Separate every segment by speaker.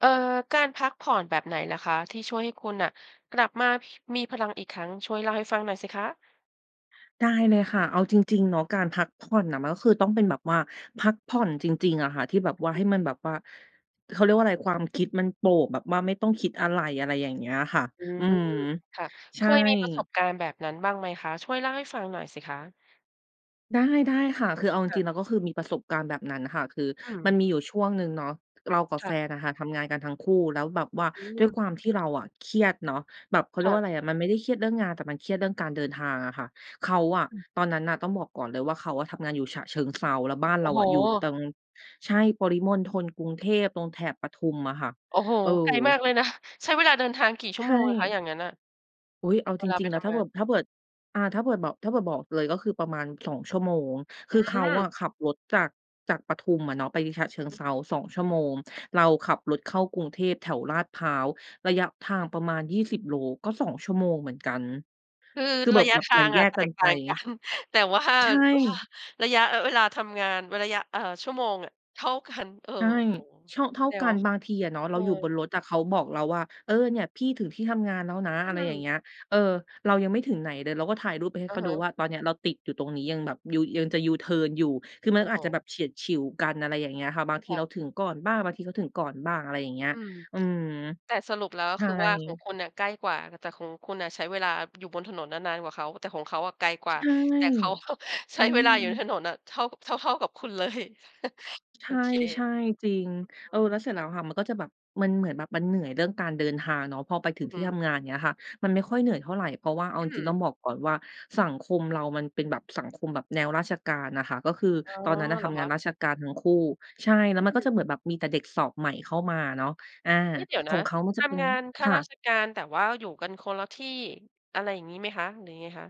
Speaker 1: เอ่อ การพักผ่อนแบบไหนเหรอคะที่ช่วยให้คุณน่ะกลับมา พ มีพลังอีกครั้ง ช่วยเล่าให้ฟังหน่อยสิคะ?
Speaker 2: ได้เลยค่ะ เอาจริง ๆ เนาะ การพักผ่อนน่ะ มันก็คือต้องเป็นแบบว่า พักผ่อนจริง ๆ อะค่ะ ที่แบบ
Speaker 1: อื
Speaker 2: ว่
Speaker 1: อ
Speaker 2: า
Speaker 1: ฮ
Speaker 2: ให้
Speaker 1: ึ
Speaker 2: มันแบบว่า เขาเรียกว่าอะไร ความคิดมันโปร่ง แบบว่าไม่ต้องคิด อะไร อะไรอย่างเงี้ยค่ะ
Speaker 1: อื
Speaker 2: อื
Speaker 1: ม
Speaker 2: ม
Speaker 1: ค่ะ
Speaker 2: ใ
Speaker 1: เ
Speaker 2: ช
Speaker 1: ค
Speaker 2: ่
Speaker 1: ยมีประสบการณ์แบบนั้นบ้างไหมคะ ช่วยเล่าให้ฟังหน่อยสิคะ?
Speaker 2: ได้ ๆ ค่ะ คือเอาจ
Speaker 1: ค่
Speaker 2: ร
Speaker 1: ะ
Speaker 2: ิง ๆ แล้ว ก็คือมีประสบการณ์แบบนั้นน่ะค่ะ คือ
Speaker 1: อื
Speaker 2: มัน
Speaker 1: ม
Speaker 2: มีอยู่ช่วงหนึ่งเนาะ เรากับ
Speaker 1: ค
Speaker 2: แ
Speaker 1: ่
Speaker 2: ฟ
Speaker 1: ะ
Speaker 2: นน่ะค่ะทำงานกันทั้งคู่ แล้วแบบว่า
Speaker 1: อื
Speaker 2: ด้ว
Speaker 1: ม
Speaker 2: ยความที่เราอะเครียดเนาะ แบบ เขาเรี
Speaker 1: ค
Speaker 2: ย
Speaker 1: ่
Speaker 2: กว่
Speaker 1: ะ
Speaker 2: าอะไรอะ มันไม่ได้เครียดเรื่องงาน แต่มันเครียดเรื่องการเดินทางอะค่ะ เขาอะ
Speaker 1: อืม
Speaker 2: ตอนนั้นน่ะ ต้องบอกก่อนเลยว่า เขาอะทำงานอยู่ฉะเชิงเทรา แล้วบ้าน
Speaker 1: โ
Speaker 2: เ
Speaker 1: อ
Speaker 2: รา
Speaker 1: ้โ
Speaker 2: อะอยู่ต
Speaker 1: ฮ!
Speaker 2: รง ใช่ ปริมณฑล-กรุงเทพ ตรงแถบปทุมอะค่ะ
Speaker 1: โอ้โฮ!
Speaker 2: เออ
Speaker 1: ไกลมากเลยนะ ใช้เวลาเดินทางกี่
Speaker 2: ใ
Speaker 1: ชั
Speaker 2: ช
Speaker 1: ่วโมงอะคะ?
Speaker 2: ่
Speaker 1: อย่างงั้นน่ะ
Speaker 2: อุ๊ย! เอา
Speaker 1: เ
Speaker 2: จ
Speaker 1: วลา
Speaker 2: ร
Speaker 1: ไ
Speaker 2: ิ
Speaker 1: ป
Speaker 2: ง ๆ น
Speaker 1: ท
Speaker 2: ะ ถ้
Speaker 1: ำ
Speaker 2: า
Speaker 1: ง
Speaker 2: เ
Speaker 1: า
Speaker 2: บิ
Speaker 1: น
Speaker 2: บ ถ้าเกิด อ่า ถ้าเผื่อบอก ถ้าเผื่อบอกเลยก็คือประมาณ 2 ชั่วโมง ค
Speaker 1: อื
Speaker 2: ือเขาอะข
Speaker 1: ม
Speaker 2: ับรถจาก จากปทุมอะเนาะไปฉะเชิงเ
Speaker 1: อื
Speaker 2: ท
Speaker 1: อ
Speaker 2: รา 2 ชั่วโมง เราขับรถเข้ากรุงเทพแถวลาดพร้าว ระยะทางประมาณ 20 โลก็ 2 ชั่วโมงเหมือนกัน
Speaker 1: คือ
Speaker 2: คือเบ
Speaker 1: ร
Speaker 2: ิ
Speaker 1: ะ
Speaker 2: บ
Speaker 1: ยะ
Speaker 2: แบบ
Speaker 1: ท
Speaker 2: เห
Speaker 1: า
Speaker 2: มือน
Speaker 1: ง
Speaker 2: แย
Speaker 1: อะ
Speaker 2: ก
Speaker 1: แต
Speaker 2: กัน
Speaker 1: กต
Speaker 2: ไป
Speaker 1: ่าง กัน แต่ ว่า
Speaker 2: ใช่
Speaker 1: ว่า ระยะ เออ เวลาทำงานเว้นระยะ เอ่อ ชั่วโมงอะ เท่ากัน เออ
Speaker 2: ใช่
Speaker 1: โอ้โฮ
Speaker 2: เชาะ เท่า
Speaker 1: แด่
Speaker 2: กั
Speaker 1: เว
Speaker 2: น
Speaker 1: าะ
Speaker 2: บางทีอะเนาะ
Speaker 1: เ
Speaker 2: เ
Speaker 1: อ
Speaker 2: ราอยู่บ
Speaker 1: อ
Speaker 2: นรถอะ เขาบอกเราว่า "เออ เนี่ยพี่ถึงที่ทำงานแล้วนะ"
Speaker 1: อื
Speaker 2: อะไรอย่า
Speaker 1: ม
Speaker 2: งเงี้ย เออ เรายังไม่ถึงไหนเลย เราก็ถ่ายรูปไปให้
Speaker 1: อ
Speaker 2: เ
Speaker 1: ะ
Speaker 2: ขา
Speaker 1: ฮ
Speaker 2: ดู
Speaker 1: ะ
Speaker 2: ว่า ตอนเนี้ยเราติดอยู่ตรงนี้ ยังแบบยู ยังจะยูเทิร์นอยู่ คือมั
Speaker 1: โอ
Speaker 2: น
Speaker 1: ้
Speaker 2: ก็
Speaker 1: โฮ
Speaker 2: อาจจะแบบเฉียดฉิวกัน อะไรอย่างเงี้ยค่ะ บางที
Speaker 1: ค่
Speaker 2: เรา
Speaker 1: ะ
Speaker 2: ถึงก่อนบ้าง บางทีเขาถึงก่อนบ้าง อะไรอย่างเงี้ย
Speaker 1: อืม
Speaker 2: อืม
Speaker 1: แต่สรุปแล้ว ก็
Speaker 2: ใช
Speaker 1: ค
Speaker 2: ่
Speaker 1: ือว่าของคุณน่ะใกล้กว่าน่ะ แต่ของคุณน่ะใช้เวลา อยู่บนถนนน่ะนานกว่าเขา แต่ของเขาอะไกลก
Speaker 2: ใ
Speaker 1: ว
Speaker 2: ช
Speaker 1: ่า
Speaker 2: ่
Speaker 1: แต่ เขา ใ
Speaker 2: อ
Speaker 1: ช
Speaker 2: ื
Speaker 1: ้เวลาอยู่ใน
Speaker 2: ม
Speaker 1: ถนนน่ะเท่ากับ เท่า ๆ กับคุณ เลย
Speaker 2: ใช
Speaker 1: โอเค
Speaker 2: ่ ๆ จริง
Speaker 1: อื้
Speaker 2: เอ
Speaker 1: อ
Speaker 2: อ
Speaker 1: ฮื
Speaker 2: แ
Speaker 1: อ
Speaker 2: ล้วเสร็จ
Speaker 1: ค
Speaker 2: แล
Speaker 1: ่
Speaker 2: ้ว
Speaker 1: ะ
Speaker 2: ค่ะ มันก็จะแบบ มันเหมือนแบบ มันเหนื่อยเรื่องการเดินทางเนาะ พอไปถึ
Speaker 1: อื
Speaker 2: ง
Speaker 1: อ
Speaker 2: ท
Speaker 1: ฮ
Speaker 2: ี่
Speaker 1: ึ
Speaker 2: ทำงาน เงี้ยค่ะ มันไม่ค่อยเหนื่อยเท่าไร เพราะว่าเอา
Speaker 1: อื
Speaker 2: จริง ๆ ต้อง
Speaker 1: ม
Speaker 2: บอกก่อนว่า สังคมเรามันเป็นแบบสังคมแบบแนวราชการน่ะค่ะ ก็คือ
Speaker 1: อ๋อ
Speaker 2: ตอนนั้นน่ะ
Speaker 1: เห
Speaker 2: ท
Speaker 1: รอ
Speaker 2: ำง
Speaker 1: ค
Speaker 2: าน
Speaker 1: ะ?
Speaker 2: ราชการทั้งคู่ ใช่ แล
Speaker 1: อ
Speaker 2: ้ว
Speaker 1: ื
Speaker 2: มันก็จ
Speaker 1: ม
Speaker 2: ะเหมือนแบบมีแต่เด็กสอบใหม่เข้ามาเนาะ อา
Speaker 1: นี่ เดี๋ยว
Speaker 2: ข
Speaker 1: น
Speaker 2: อ
Speaker 1: ะ
Speaker 2: งเขามัน
Speaker 1: ท
Speaker 2: จะเป็น
Speaker 1: ำงานข้
Speaker 2: ค
Speaker 1: า
Speaker 2: ่
Speaker 1: รา
Speaker 2: ะ
Speaker 1: ชการ แต่ว่าอยู่กันคนละที่ อะไรอย่างงี้ไหมคะ หรือยังไงคะ?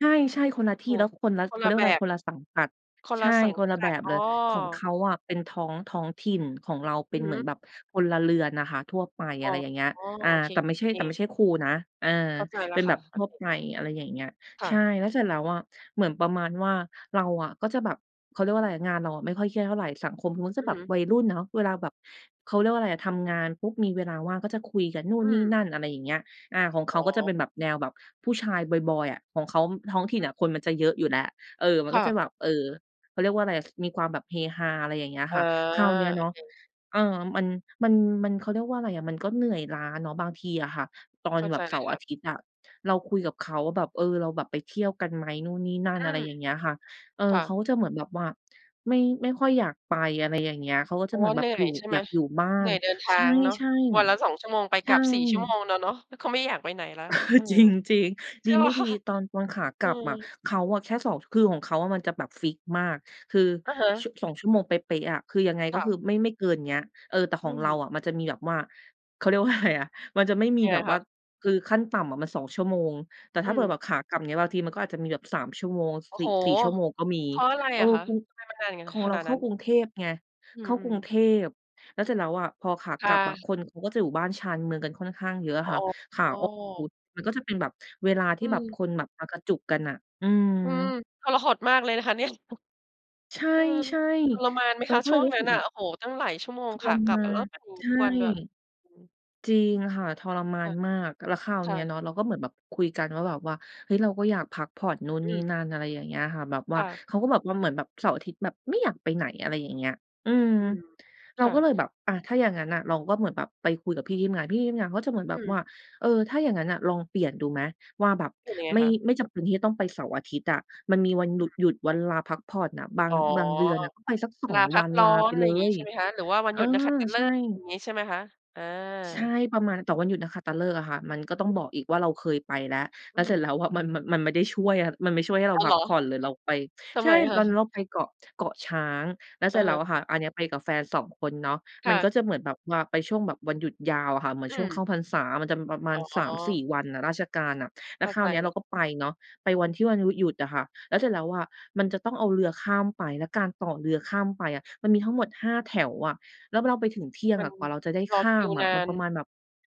Speaker 2: ใช่ ๆ คนละที่ แล้วคนละ
Speaker 1: ค
Speaker 2: เ
Speaker 1: น
Speaker 2: ขา
Speaker 1: ล
Speaker 2: เรี
Speaker 1: ะ
Speaker 2: ยกว
Speaker 1: แ
Speaker 2: ่
Speaker 1: บ
Speaker 2: าอะไร
Speaker 1: บ
Speaker 2: คนละสังกัด
Speaker 1: คน
Speaker 2: ใช
Speaker 1: ละ
Speaker 2: ่
Speaker 1: สัง
Speaker 2: คนละ
Speaker 1: ก
Speaker 2: แ
Speaker 1: ั
Speaker 2: บ
Speaker 1: ด
Speaker 2: บ
Speaker 1: อ
Speaker 2: เ
Speaker 1: ๋อ
Speaker 2: ลย ของเขาอะเป็นท้อง ท้องถิ่น ของเราเป
Speaker 1: อ
Speaker 2: ็
Speaker 1: ื
Speaker 2: น
Speaker 1: อ
Speaker 2: เ
Speaker 1: ฮ
Speaker 2: หมือน
Speaker 1: ึ
Speaker 2: แบบพลเรือนอะค่ะ ทั่วไป
Speaker 1: อ
Speaker 2: อ
Speaker 1: ๋
Speaker 2: ะ
Speaker 1: อ
Speaker 2: ไรอย่างเงี้ย อา
Speaker 1: โอเค
Speaker 2: แต่ไม่ใ
Speaker 1: น
Speaker 2: ช
Speaker 1: ี
Speaker 2: ่
Speaker 1: ้เ
Speaker 2: แ
Speaker 1: อ
Speaker 2: ต่ไม
Speaker 1: ง
Speaker 2: ่ใช่ครูนะ อา
Speaker 1: เข้าใจแล
Speaker 2: เ
Speaker 1: ้
Speaker 2: ป็
Speaker 1: ว
Speaker 2: น
Speaker 1: ค
Speaker 2: แบ
Speaker 1: ่ะ
Speaker 2: บ
Speaker 1: โอ
Speaker 2: ทั่
Speaker 1: เ
Speaker 2: ว
Speaker 1: ค
Speaker 2: ไป อะไรอย่างเงี้ย
Speaker 1: ค่
Speaker 2: ใช่ แล้วเส
Speaker 1: ะ
Speaker 2: ร็จแล้วอะเหมือนประมาณว่า เราอะก็จะแบบ เขาเรียกว่าอะไรอะ งานเราอะไม่ค่อยเครียดเท่าไร สังคมทางนู่นจะ
Speaker 1: อื
Speaker 2: แ
Speaker 1: อ
Speaker 2: บบ
Speaker 1: ฮึ
Speaker 2: วัยรุ่นเนาะ เวลาแบบ เขาเรียกว่าอะไรอะ ทำงาน ปุ๊บ มีเวลาว่างก็จะคุยกันนู่
Speaker 1: อ
Speaker 2: น
Speaker 1: ื
Speaker 2: นี่
Speaker 1: ม
Speaker 2: นั่น อะไรอย่างเงี้ย อา ของเข
Speaker 1: อ๋
Speaker 2: าก็จะ
Speaker 1: อ
Speaker 2: เป็นแบบแนวแบบผู้ชายบอย ๆ อะ ของเขาท้องถิ่น
Speaker 1: อือฮึ
Speaker 2: อะคนมันจะเยอะอยู่แล้ว เออ มัน
Speaker 1: ค
Speaker 2: ก
Speaker 1: ่
Speaker 2: ็จะ
Speaker 1: ะ
Speaker 2: แบบ เออ เขาเรียกว่าอะไรอะ ซ มีความแบบเฮฮา อะไรอย่างเงี้ย
Speaker 1: อ๋
Speaker 2: ค
Speaker 1: อ
Speaker 2: ่ะ คราวเนี้ย
Speaker 1: โอ
Speaker 2: เนาะ
Speaker 1: เค
Speaker 2: อา มัน มัน มัน เขาเรียกว่าอะไรอะ มันก็เหนื่อยล้าเนาะบางทีอะค่ะ ตอ
Speaker 1: เ
Speaker 2: น
Speaker 1: ข้า
Speaker 2: แบ
Speaker 1: ใจ
Speaker 2: บเ
Speaker 1: แ
Speaker 2: ส
Speaker 1: ล้
Speaker 2: า
Speaker 1: ว
Speaker 2: ร์-
Speaker 1: ค
Speaker 2: อ
Speaker 1: ่
Speaker 2: า
Speaker 1: ะ
Speaker 2: ทิตย์อะ เราคุยกับเขาว่าแบบ เออ เราแบบไปเที่ยวกันไหมนู่นนี่นั่น
Speaker 1: อื
Speaker 2: อะไร
Speaker 1: ม
Speaker 2: อย่างเงี้ยค่ะ เออ
Speaker 1: ค่
Speaker 2: เขา
Speaker 1: ะ
Speaker 2: ก็จะเหมือนแบบว่า ไม่ ไม่ค่อยอยากไป อะไรอย่างเงี้ย เขาก็จะ
Speaker 1: เพร
Speaker 2: เ
Speaker 1: า
Speaker 2: หม
Speaker 1: ะ
Speaker 2: ือ
Speaker 1: ว่
Speaker 2: น
Speaker 1: า
Speaker 2: แบ
Speaker 1: เหน
Speaker 2: บ
Speaker 1: ื่
Speaker 2: อ
Speaker 1: อ
Speaker 2: ยู
Speaker 1: ย
Speaker 2: ่
Speaker 1: ใช่ไ
Speaker 2: อย
Speaker 1: หม?
Speaker 2: ากอยู่บ้า
Speaker 1: เหน
Speaker 2: น
Speaker 1: ื่อยเดินท
Speaker 2: ใช
Speaker 1: างเนาะ
Speaker 2: ่ ๆ
Speaker 1: ว
Speaker 2: อ
Speaker 1: ั
Speaker 2: ะ
Speaker 1: นละ 2 ชั่วโมง ไป
Speaker 2: ใช
Speaker 1: กล
Speaker 2: ่
Speaker 1: ับ 4 ชั่วโมงแล้วเนาะ แล้วเขาไม่อยากไปไหนแล้ว
Speaker 2: เออ
Speaker 1: เออ
Speaker 2: จริง จริง
Speaker 1: ใช
Speaker 2: ด
Speaker 1: ่
Speaker 2: ี
Speaker 1: เปล
Speaker 2: ไม่
Speaker 1: ่า
Speaker 2: ด
Speaker 1: ค
Speaker 2: ี
Speaker 1: ่ะ?
Speaker 2: ตอน ตอนขาก
Speaker 1: อื
Speaker 2: ลับอะ
Speaker 1: ม
Speaker 2: เขาอะแค่ 2 ช คือของเขาอะ มันจะแบบฟิกซ์มาก คือ
Speaker 1: อะฮ
Speaker 2: ช
Speaker 1: ะ
Speaker 2: 2 ชั่วโมงเป๊ะ ๆ อะ คือยังไง
Speaker 1: ค
Speaker 2: ก็
Speaker 1: ่ะ
Speaker 2: คือไม่ ไม่เกินเนี้ย เออ แต่ข
Speaker 1: อ
Speaker 2: อ
Speaker 1: ื
Speaker 2: งเรา
Speaker 1: ม
Speaker 2: อะมันจะมีแบบว่า เขาเรียกว่า อะไรอะ มันจะไม่มี
Speaker 1: ยัง
Speaker 2: แ
Speaker 1: ไ
Speaker 2: บ
Speaker 1: ง
Speaker 2: บ
Speaker 1: ค
Speaker 2: ว่า
Speaker 1: ะ?
Speaker 2: คือขั้นต่ำอะมัน 2 ชั่วโมง แต่ถ
Speaker 1: อ
Speaker 2: ้
Speaker 1: ื
Speaker 2: าเผื่อแ
Speaker 1: ม
Speaker 2: บบขากลับเนี่ย บางทีมันก็อาจจะมีแบบ 3 ชั่วโมง
Speaker 1: โอ้
Speaker 2: สิ
Speaker 1: โฮ
Speaker 2: สี่ชั่วโมงก็มี
Speaker 1: เพราะอะไร
Speaker 2: เอ
Speaker 1: อ
Speaker 2: อ
Speaker 1: ะคะ
Speaker 2: กุง
Speaker 1: ทำไมมันนานอย่างงั้
Speaker 2: ข
Speaker 1: น
Speaker 2: อง
Speaker 1: ข
Speaker 2: เรา
Speaker 1: นาด
Speaker 2: เข
Speaker 1: น
Speaker 2: ้
Speaker 1: ั
Speaker 2: า
Speaker 1: ้น?
Speaker 2: กรุงเทพไง
Speaker 1: อื
Speaker 2: เข้ากร
Speaker 1: ม
Speaker 2: ุง
Speaker 1: ๆ
Speaker 2: เทพ แล้วเสร็จแล้วอะ พอขา
Speaker 1: ค
Speaker 2: ก
Speaker 1: ่
Speaker 2: ลับอะ
Speaker 1: ะ
Speaker 2: คนเขาก็จะอยู่บ้านชานเมืองกันค่อนข้างเยอะอะ
Speaker 1: อ
Speaker 2: ค
Speaker 1: ๋
Speaker 2: ่ะ ขาออก
Speaker 1: อ
Speaker 2: มันก็จะเป็นแบบเวลา
Speaker 1: อ
Speaker 2: ที
Speaker 1: ื
Speaker 2: ่แบบค
Speaker 1: ม
Speaker 2: นแบบมากระจุกกันน่ะ อื
Speaker 1: อืม
Speaker 2: ม
Speaker 1: ทรหดมากเลยนะคะเนี่ย
Speaker 2: ใช
Speaker 1: อืม
Speaker 2: ่
Speaker 1: ทรมานไหม
Speaker 2: ๆ เรา
Speaker 1: คะ
Speaker 2: ก็
Speaker 1: ช
Speaker 2: เล
Speaker 1: ่
Speaker 2: ย
Speaker 1: วง
Speaker 2: รู้
Speaker 1: นั
Speaker 2: ส
Speaker 1: ้
Speaker 2: ึ
Speaker 1: น
Speaker 2: ก
Speaker 1: น่
Speaker 2: แบ
Speaker 1: ะ?
Speaker 2: บ
Speaker 1: โอ้โฮ ตั้งหลายชั่วโมง
Speaker 2: ท
Speaker 1: ข
Speaker 2: ร
Speaker 1: ากล
Speaker 2: ม
Speaker 1: ับอ
Speaker 2: า
Speaker 1: ะ แล้ว
Speaker 2: น
Speaker 1: แบบนี้
Speaker 2: ใช่
Speaker 1: ทุกวันด้วย อืม
Speaker 2: จริงค่ะ ทรมา
Speaker 1: อืม ค่
Speaker 2: น
Speaker 1: ะ
Speaker 2: มาก แล้วคราว
Speaker 1: ค่
Speaker 2: นี้อะเ
Speaker 1: ะ
Speaker 2: นาะ เราก็เหมือนแบบคุยกันว่าแบบว่า เฮ้ย เราก็อยากพักผ่อนนู่น
Speaker 1: อ
Speaker 2: น
Speaker 1: ื
Speaker 2: ี่น
Speaker 1: ม
Speaker 2: ั่น อะไรอย่างเงี้ยค่ะ แบบว่
Speaker 1: ค
Speaker 2: า
Speaker 1: ่ะ
Speaker 2: เขาก็แบบว่าเหมือนแบบเสาร์-อาทิตย์แบบไม่อยากไปไหน อะไรอย่างเงี้ย อืม
Speaker 1: อืม
Speaker 2: เร
Speaker 1: ค
Speaker 2: า
Speaker 1: ่
Speaker 2: ก็
Speaker 1: ะ
Speaker 2: เลยแบบ อะ ถ้าอย่างนั้นน่ะ เราก็เหมือนแบบไปคุยกับพี่ที่ทำงาน พี่ที่ทำงานก็จะเหมือนแบ
Speaker 1: อื
Speaker 2: บ
Speaker 1: ม
Speaker 2: ว่า เออ ถ้าอย่างงั้นน่ะ ลองเปลี่ยนดูไหม ว่าแบบ
Speaker 1: เห็นยังไง
Speaker 2: ไม่
Speaker 1: คะ?
Speaker 2: ไม่จำเป็นที่จะต้องไปเสาร์-อาทิตย์อะ มันมีวันห
Speaker 1: ค
Speaker 2: ลุ
Speaker 1: ่
Speaker 2: ด
Speaker 1: ะ
Speaker 2: หยุด วันลาพักผ่อนน่ะ บา
Speaker 1: อ
Speaker 2: ง
Speaker 1: ๋อ
Speaker 2: บางเดือนน่ะ ก็ไปสัก สอ
Speaker 1: ลา
Speaker 2: ง
Speaker 1: พั
Speaker 2: วั
Speaker 1: ก
Speaker 2: น
Speaker 1: ร้
Speaker 2: ล
Speaker 1: อ
Speaker 2: าไ
Speaker 1: น
Speaker 2: ป
Speaker 1: อะไ
Speaker 2: เ
Speaker 1: ร
Speaker 2: ล
Speaker 1: อย่างงี้
Speaker 2: ย
Speaker 1: ใช่ไหมคะ? หรือว่าวัน
Speaker 2: เอ
Speaker 1: หย
Speaker 2: อ
Speaker 1: ุดนักขัตฤ
Speaker 2: ใช่
Speaker 1: กษ์ อย่างงี้ใช่ไหมคะ? อา
Speaker 2: ใช่ ประมาณนั้น แต่
Speaker 1: อ
Speaker 2: ว
Speaker 1: ื
Speaker 2: ั
Speaker 1: อ
Speaker 2: นหยุดนักขัตฤกษ์อะค่ะ มันก็ต้อง
Speaker 1: อือ
Speaker 2: บอกอีกว่าเราเคยไปแล้ว
Speaker 1: อ
Speaker 2: แล
Speaker 1: ื
Speaker 2: ้วเสร็
Speaker 1: ม
Speaker 2: จแล้วอะ มัน มัน มันไม่ได้ช่วยอะ มันไม่ช่วยให้เรา
Speaker 1: อ้าว
Speaker 2: พ
Speaker 1: เห
Speaker 2: ั
Speaker 1: ร
Speaker 2: ก
Speaker 1: อ
Speaker 2: ผ่อน หรือเราไป
Speaker 1: ทำ
Speaker 2: ใช
Speaker 1: ไม
Speaker 2: ่
Speaker 1: อะค
Speaker 2: ตอ
Speaker 1: ะ?
Speaker 2: นนั้นเราไปเกาะ เกาะช้าง แล้ว
Speaker 1: อ
Speaker 2: เส
Speaker 1: ื
Speaker 2: ร็จ
Speaker 1: อ
Speaker 2: แ
Speaker 1: ฮ
Speaker 2: ล้
Speaker 1: ึ
Speaker 2: วอะค่ะ อันนี้ไปกับแฟน 2 คนเนาะ
Speaker 1: ค
Speaker 2: มั
Speaker 1: ่
Speaker 2: น
Speaker 1: ะ
Speaker 2: ก็จะเหมือนแบบว่าไปช่วงแบบวันหยุดยาวอะค่ะ เหมือน
Speaker 1: อื
Speaker 2: ช่วงเข้า
Speaker 1: ม
Speaker 2: พรรษา มันจะมีประมา
Speaker 1: อ
Speaker 2: ณ ส
Speaker 1: ๋
Speaker 2: ามสี
Speaker 1: อ
Speaker 2: ่ วันน่ะ ราชการอะ แล
Speaker 1: เ
Speaker 2: ้
Speaker 1: ข้
Speaker 2: ว
Speaker 1: า
Speaker 2: คร
Speaker 1: ใ
Speaker 2: า
Speaker 1: จ
Speaker 2: วเนี้ย
Speaker 1: แ
Speaker 2: เ
Speaker 1: ล
Speaker 2: ร
Speaker 1: ้
Speaker 2: า
Speaker 1: ว
Speaker 2: ก็ไปเนาะ ไปวันที่วันหยุ หยุดอะค่ะ แล้วเสร็จแล้วอะมันจะต้องเอาเรือข้ามไป และการต่อเรือข้ามไปอะ มันมีทั้งหมด 5 แถวอะ แล้วเราไปถึงเที่ยง
Speaker 1: มั
Speaker 2: อ
Speaker 1: น
Speaker 2: ะ กว่าเราจะได้
Speaker 1: รอ
Speaker 2: ข้
Speaker 1: ค
Speaker 2: า
Speaker 1: ิ
Speaker 2: ม
Speaker 1: ว
Speaker 2: อ
Speaker 1: น
Speaker 2: ะ
Speaker 1: า
Speaker 2: มัน
Speaker 1: น
Speaker 2: ประมาณแบบ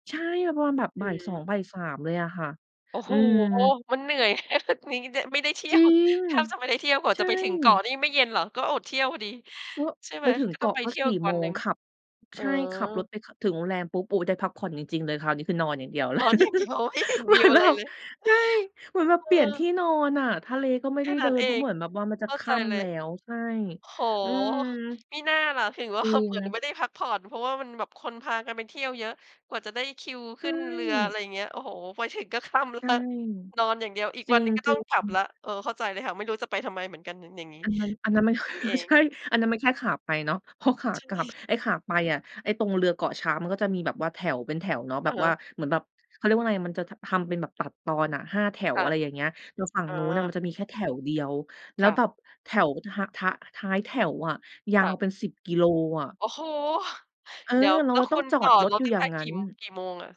Speaker 2: ใช่ มันประมาณแบบ
Speaker 1: อ
Speaker 2: บ่าย สอ
Speaker 1: ื
Speaker 2: ง
Speaker 1: ม
Speaker 2: บ่าย 3 เลยอะค่ะ
Speaker 1: โอ้
Speaker 2: อ
Speaker 1: โ
Speaker 2: ื
Speaker 1: ฮ!
Speaker 2: ม
Speaker 1: มันเหนื่อย มีเดะ ไม่ได้เที่
Speaker 2: จร
Speaker 1: ย
Speaker 2: ิ
Speaker 1: ว
Speaker 2: ง
Speaker 1: แทบจะไม่ได้เที่ยวกว่า
Speaker 2: ใช
Speaker 1: จะไปถึงเกาะ
Speaker 2: ่
Speaker 1: นี่ไม่เย็นเหรอ? ก็อดเที่ยวพอดี
Speaker 2: ก็
Speaker 1: ใช่ไ
Speaker 2: ไ
Speaker 1: ห
Speaker 2: ป
Speaker 1: ม
Speaker 2: ถึง
Speaker 1: ก็
Speaker 2: เ
Speaker 1: ต
Speaker 2: ก
Speaker 1: ้อ
Speaker 2: า
Speaker 1: ง
Speaker 2: ะ
Speaker 1: ไป
Speaker 2: ก็
Speaker 1: เที่ย
Speaker 2: ส
Speaker 1: ว
Speaker 2: ี่
Speaker 1: อีก
Speaker 2: โ
Speaker 1: ว
Speaker 2: ม
Speaker 1: ันห
Speaker 2: ง
Speaker 1: นึ่ง
Speaker 2: ขับ ใ
Speaker 1: อ๋
Speaker 2: ช
Speaker 1: อ
Speaker 2: ่ ขับรถไป ขับถึงโรงแรม ปุ๊บ โอ้โฮ ได้พักผ่อนจริง ๆ เลย คราวนี้คือนอนอย่างเดียวเล
Speaker 1: น
Speaker 2: ย
Speaker 1: อนอย่างเดียว ไม่เห็น
Speaker 2: เหม
Speaker 1: ว
Speaker 2: ื
Speaker 1: ิ
Speaker 2: อ
Speaker 1: ว
Speaker 2: น
Speaker 1: อ
Speaker 2: แบ
Speaker 1: ะไร
Speaker 2: บ
Speaker 1: เลย
Speaker 2: ใช่ เหมือนแบบ
Speaker 1: เ
Speaker 2: เปลี่ยน
Speaker 1: ออ
Speaker 2: ที่นอนน่ะ ทะเลก็ไม่
Speaker 1: แค
Speaker 2: ได
Speaker 1: ่
Speaker 2: ้
Speaker 1: น
Speaker 2: เด
Speaker 1: ั
Speaker 2: ิ
Speaker 1: ้น
Speaker 2: น
Speaker 1: เ
Speaker 2: เ
Speaker 1: อ
Speaker 2: พราะเ
Speaker 1: ง
Speaker 2: หมือนแบบว่ามันจะ
Speaker 1: เข้า
Speaker 2: ค
Speaker 1: ใจ
Speaker 2: ่
Speaker 1: เล
Speaker 2: ำแล
Speaker 1: ย
Speaker 2: ้ว ใช่
Speaker 1: โอ้โฮ
Speaker 2: อืม
Speaker 1: มิน่าล่ะ ถึง ว่
Speaker 2: จ
Speaker 1: า
Speaker 2: ริ
Speaker 1: เห
Speaker 2: ง
Speaker 1: มือนไม่ได้พักผ่อน เพราะว่ามันแบบคนพากันไปเที่ยวเยอะ กว่าจะได้คิว
Speaker 2: ใช
Speaker 1: ขึ้นเรือ อะไ
Speaker 2: ่
Speaker 1: รอย่างเงี้ย โอ้โฮ ไปถึงก็ค่ำ แล้
Speaker 2: ใช
Speaker 1: ว
Speaker 2: ่
Speaker 1: นอนอย่างเดียว อีก
Speaker 2: จร
Speaker 1: วันหนึ่งก็ต้
Speaker 2: ิ
Speaker 1: อง
Speaker 2: ง
Speaker 1: กลับแ
Speaker 2: ๆ
Speaker 1: ล้ว เออ เข้าใจเลยค่ะ ไม่รู้จะไปทำไมเหมือนกันน่ะ อย่างนี้
Speaker 2: อันนั้น อันนั้นมัน
Speaker 1: นี่เอ
Speaker 2: ใช่
Speaker 1: ง
Speaker 2: อันนั้นมันแค่ขาไปเนาะ พอขา
Speaker 1: ใช
Speaker 2: กลับ
Speaker 1: ่
Speaker 2: ไอ้ขาไปอะ ไอ้ตรงเรือเกาะช้างมันก็จะมีแบบว่าแถว เป็นแถวเนาะ แ
Speaker 1: อ
Speaker 2: บ
Speaker 1: ะ
Speaker 2: บ
Speaker 1: ฮ
Speaker 2: ว่า
Speaker 1: ะ
Speaker 2: เหมือนแบบ เขาเรียกว่าไรอะ มันจะทำ ทำเป็นแบบตัดตอนอะ 5 แถว
Speaker 1: ค่
Speaker 2: อ
Speaker 1: ะ
Speaker 2: ะไรอย่างเงี้ย แต่ฝั่ง
Speaker 1: อ
Speaker 2: นู้นน่ะม
Speaker 1: า
Speaker 2: ันจะมีแค่แถวเดียว แล้
Speaker 1: ค่
Speaker 2: ว
Speaker 1: ะ
Speaker 2: แบบแถวทะ หะ ทะ ท้ายแถวอะ ยา
Speaker 1: ค่
Speaker 2: ว
Speaker 1: ะ
Speaker 2: เป็น 10 กิโลอะ
Speaker 1: โอ้โฮ
Speaker 2: เออ
Speaker 1: เดี๋ยว
Speaker 2: เรา
Speaker 1: แล้ว
Speaker 2: จะต
Speaker 1: ค
Speaker 2: ้
Speaker 1: ุ
Speaker 2: อง
Speaker 1: ณ
Speaker 2: จอ
Speaker 1: ต่อ
Speaker 2: ดรถ
Speaker 1: รถ
Speaker 2: อยู่
Speaker 1: ตั้
Speaker 2: อ
Speaker 1: ง
Speaker 2: ย่
Speaker 1: แต
Speaker 2: าง
Speaker 1: ่
Speaker 2: ง
Speaker 1: ก
Speaker 2: ั้
Speaker 1: ี่
Speaker 2: น
Speaker 1: กี่โมงอะ?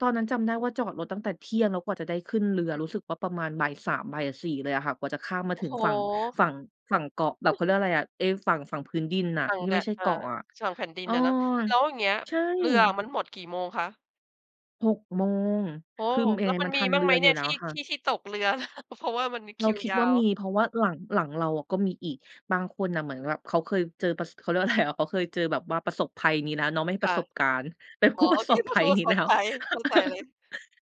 Speaker 2: ตอนนั้นจำได้ว่าจอดรถตั้งแต่เที่ยง แล้วกว่าจะได้ขึ้นเรือ
Speaker 1: อืม
Speaker 2: รู้สึกว่าประมาณบ่าย 3 บ่าย 4 เลยอะค่ะ กว่าจะข้ามมา
Speaker 1: โอ้
Speaker 2: ถึง
Speaker 1: โฮ
Speaker 2: ฝั่ง ฝั่ง ฝั่งเกาะ แบบเขาเรียกอะไรอะ เอ๊ะ ฝั่ง ฝั่งพื้นดินน่ะ
Speaker 1: ฝั่ง
Speaker 2: ที่
Speaker 1: แด
Speaker 2: ไม่
Speaker 1: ะ
Speaker 2: ใช่
Speaker 1: เอ
Speaker 2: เ
Speaker 1: ่
Speaker 2: กาะ
Speaker 1: อ
Speaker 2: อะ
Speaker 1: สั่งแผ่นดิ
Speaker 2: เอ
Speaker 1: น
Speaker 2: อ
Speaker 1: น่ะเนาะ แล้วอย่างเงี้ย
Speaker 2: ใช่
Speaker 1: เรืออะมันหมดกี่โมงคะ?
Speaker 2: 6 โมง
Speaker 1: โอ้
Speaker 2: คือ
Speaker 1: โฮ
Speaker 2: ม แอ
Speaker 1: แล้วมั
Speaker 2: มั
Speaker 1: น
Speaker 2: นท
Speaker 1: มี
Speaker 2: ัน
Speaker 1: บ้
Speaker 2: เ
Speaker 1: า
Speaker 2: ร
Speaker 1: ง
Speaker 2: ื
Speaker 1: ไหม
Speaker 2: ออ
Speaker 1: เ
Speaker 2: ย
Speaker 1: น
Speaker 2: ู
Speaker 1: ี
Speaker 2: ่
Speaker 1: ่ย
Speaker 2: แล้
Speaker 1: ที
Speaker 2: ว
Speaker 1: ่
Speaker 2: ค่
Speaker 1: ท
Speaker 2: ะ
Speaker 1: ี่ ที่ตกเรือ? เพราะว่ามันมี
Speaker 2: เ
Speaker 1: ค
Speaker 2: รา
Speaker 1: ิว
Speaker 2: คิด
Speaker 1: ยา
Speaker 2: ว่า
Speaker 1: ว
Speaker 2: มี เพราะว่าหลัง หลังเราอะก็มีอีก บางคนน่ะเหมือนกับแบบเขาเคยเจอประ ส เขาเรียกว่า อะไรอะ เขาเคยเจอ แบบว่าประสบภัยยังงี้นะ เนาะ ไม่
Speaker 1: ค
Speaker 2: ป
Speaker 1: ่
Speaker 2: ระ
Speaker 1: ะ
Speaker 2: สบการณ์ เป็น
Speaker 1: อ
Speaker 2: ผ
Speaker 1: ๋อ
Speaker 2: ู้ป
Speaker 1: โ
Speaker 2: ร
Speaker 1: อ
Speaker 2: ะ
Speaker 1: เ
Speaker 2: ส
Speaker 1: ค
Speaker 2: บ
Speaker 1: เป
Speaker 2: ภ
Speaker 1: ็น
Speaker 2: ั
Speaker 1: ผ
Speaker 2: ย
Speaker 1: ู้ปร
Speaker 2: น
Speaker 1: ะ
Speaker 2: ี้
Speaker 1: ส
Speaker 2: แล
Speaker 1: บ
Speaker 2: ้ว
Speaker 1: ภัย เข้าใจเลย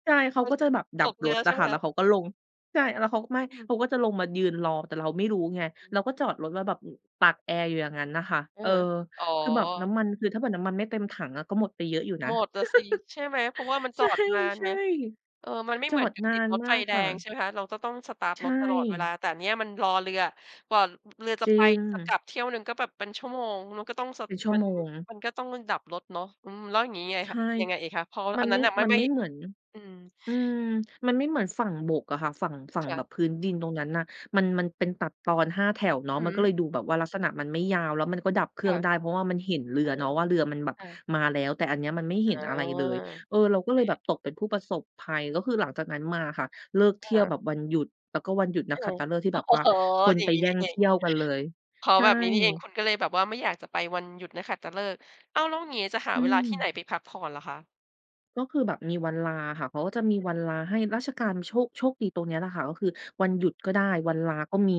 Speaker 2: ใช่ เข
Speaker 1: เข
Speaker 2: า
Speaker 1: ้า
Speaker 2: ก็
Speaker 1: จ
Speaker 2: จะแบบด
Speaker 1: ต
Speaker 2: ับ
Speaker 1: กเรื
Speaker 2: ร
Speaker 1: อ
Speaker 2: ถ
Speaker 1: ใ
Speaker 2: อ
Speaker 1: ช่
Speaker 2: ะ
Speaker 1: ไ
Speaker 2: ค
Speaker 1: หม
Speaker 2: ่ะ แล
Speaker 1: ค
Speaker 2: ้
Speaker 1: ะ?
Speaker 2: วเขาก็ลง ใช่ แล้วเขาก็ไม่
Speaker 1: อื
Speaker 2: เข
Speaker 1: ม
Speaker 2: าก็จะลงมายืนรอ แต่เราไม่รู้ไง
Speaker 1: อื
Speaker 2: เ
Speaker 1: ม
Speaker 2: ราก็จอดรถแล้วแบบตากแอร์อยู่อย่างนั้นน่ะค่ะ
Speaker 1: อื
Speaker 2: เ
Speaker 1: อ
Speaker 2: ออ
Speaker 1: ฮึ อ๋อ
Speaker 2: คือแบบน้ำมัน คือถ้าเผื่อน้ำมันไม่เต็มถังอะก็หมดไปเยอะอยู่น
Speaker 1: ห
Speaker 2: ะ
Speaker 1: มดล่ะสิ ใช่ไหม? เพราะว่ามัน
Speaker 2: ใ
Speaker 1: จ
Speaker 2: ช
Speaker 1: อดนานไ
Speaker 2: ่
Speaker 1: ง เออ มันไม่
Speaker 2: ๆ จ
Speaker 1: เ
Speaker 2: อ
Speaker 1: หมือน
Speaker 2: ด
Speaker 1: กับ
Speaker 2: นา
Speaker 1: ติด
Speaker 2: น
Speaker 1: รถ
Speaker 2: มา
Speaker 1: ไฟ
Speaker 2: ก
Speaker 1: แด
Speaker 2: ค่
Speaker 1: ง ใช
Speaker 2: ะ
Speaker 1: ่ไหมคะ เราก็ต้องสตาร์ต
Speaker 2: ใช
Speaker 1: ร
Speaker 2: ่
Speaker 1: ถตลอดเวลา แต่เนี้ยมันรอเรือ กว่า อ เรือจะ
Speaker 2: จริ
Speaker 1: ไปจะก
Speaker 2: ง
Speaker 1: ลับเที่ยวหนึ่งก็แบบเป็นชั่วโมง มันก็ต้อง ส
Speaker 2: เป็นชั่
Speaker 1: ม
Speaker 2: ว
Speaker 1: ัน
Speaker 2: โมง
Speaker 1: มันก็ต้องมาดับรถเนาะ อืม แล้วอย่างงี้ยังไง
Speaker 2: ใช
Speaker 1: คะ?
Speaker 2: ่
Speaker 1: ยังไงอีกคะ? พอ
Speaker 2: ม
Speaker 1: อ
Speaker 2: ั
Speaker 1: ั
Speaker 2: น
Speaker 1: นน
Speaker 2: ไ
Speaker 1: ั
Speaker 2: ม
Speaker 1: ้
Speaker 2: ่
Speaker 1: นน่ะไม่
Speaker 2: มัน
Speaker 1: ไม่
Speaker 2: ไม่เหมือน
Speaker 1: อืม
Speaker 2: อืม มันไม่เหมือนฝั่งบกอะค่ะ ฝั่ง ฝั่ง
Speaker 1: ค่
Speaker 2: แบ
Speaker 1: ะ
Speaker 2: บพื้นดินตรงนั้นน่ะ มัน มันเป็นตัดตอน 5 แถวเนาะ
Speaker 1: อื
Speaker 2: ม
Speaker 1: อ
Speaker 2: ัน
Speaker 1: ฮ
Speaker 2: ก็เล
Speaker 1: ึ
Speaker 2: ยดูแบบว่าลักษณะมันไม่ยาว แล้วมันก็ดับเคร
Speaker 1: ค
Speaker 2: ื่
Speaker 1: ่
Speaker 2: อง
Speaker 1: ะ
Speaker 2: ได้ เพราะว่ามันเห็นเรื
Speaker 1: อ
Speaker 2: อ
Speaker 1: ือ
Speaker 2: เน
Speaker 1: ฮ
Speaker 2: า
Speaker 1: ึ
Speaker 2: ะว่า เรือมันแบบ
Speaker 1: ค่ะ
Speaker 2: มาแล้ว แต่อันเนี้ยมันไม่
Speaker 1: อ
Speaker 2: เห
Speaker 1: า
Speaker 2: ็นอะ
Speaker 1: โ
Speaker 2: ไร
Speaker 1: อ
Speaker 2: เลย เออ
Speaker 1: เ
Speaker 2: เราก็เลยแบ
Speaker 1: ค
Speaker 2: บตกเป็นผู้ประสบภัย ก็คือหลังจากนั้นมาค่ะ เลิกเ
Speaker 1: อ
Speaker 2: ท
Speaker 1: ะ
Speaker 2: ี่
Speaker 1: ฮ
Speaker 2: ยว
Speaker 1: ะ
Speaker 2: แบบวันหยุด แต่ก็วันหยุดน
Speaker 1: อ
Speaker 2: ั
Speaker 1: ื
Speaker 2: กขั
Speaker 1: ม
Speaker 2: ตฤกษ์ที่
Speaker 1: อ
Speaker 2: แบบว่า
Speaker 1: ๋อ
Speaker 2: คน
Speaker 1: อย่
Speaker 2: ไ
Speaker 1: า
Speaker 2: ป
Speaker 1: งนี้
Speaker 2: แย
Speaker 1: น
Speaker 2: ่
Speaker 1: ี่
Speaker 2: ง
Speaker 1: เอ
Speaker 2: เท
Speaker 1: ง
Speaker 2: ี่ยวกันเลย
Speaker 1: เพราะ
Speaker 2: ใช่
Speaker 1: แบบนี้นี่เอง คุณก็เลยแบบว่า ไม่อยากจะไปวันหยุดนักขัตฤกษ์ อ้าว แล้วอย่างงี้จะหา
Speaker 2: อื
Speaker 1: เวลาที่ไห
Speaker 2: ม
Speaker 1: นไปพักผ่อนเหรอคะ?
Speaker 2: ก็คือแบบมีวันลาค่ะ เขาก็จะมีวันลาให้ราชการโชค โชคดีตรงเนี้ยแหละค่ะ ก็คือวันหยุดก
Speaker 1: อ
Speaker 2: ็
Speaker 1: ื
Speaker 2: ได
Speaker 1: ม
Speaker 2: ้ วันลาก็มี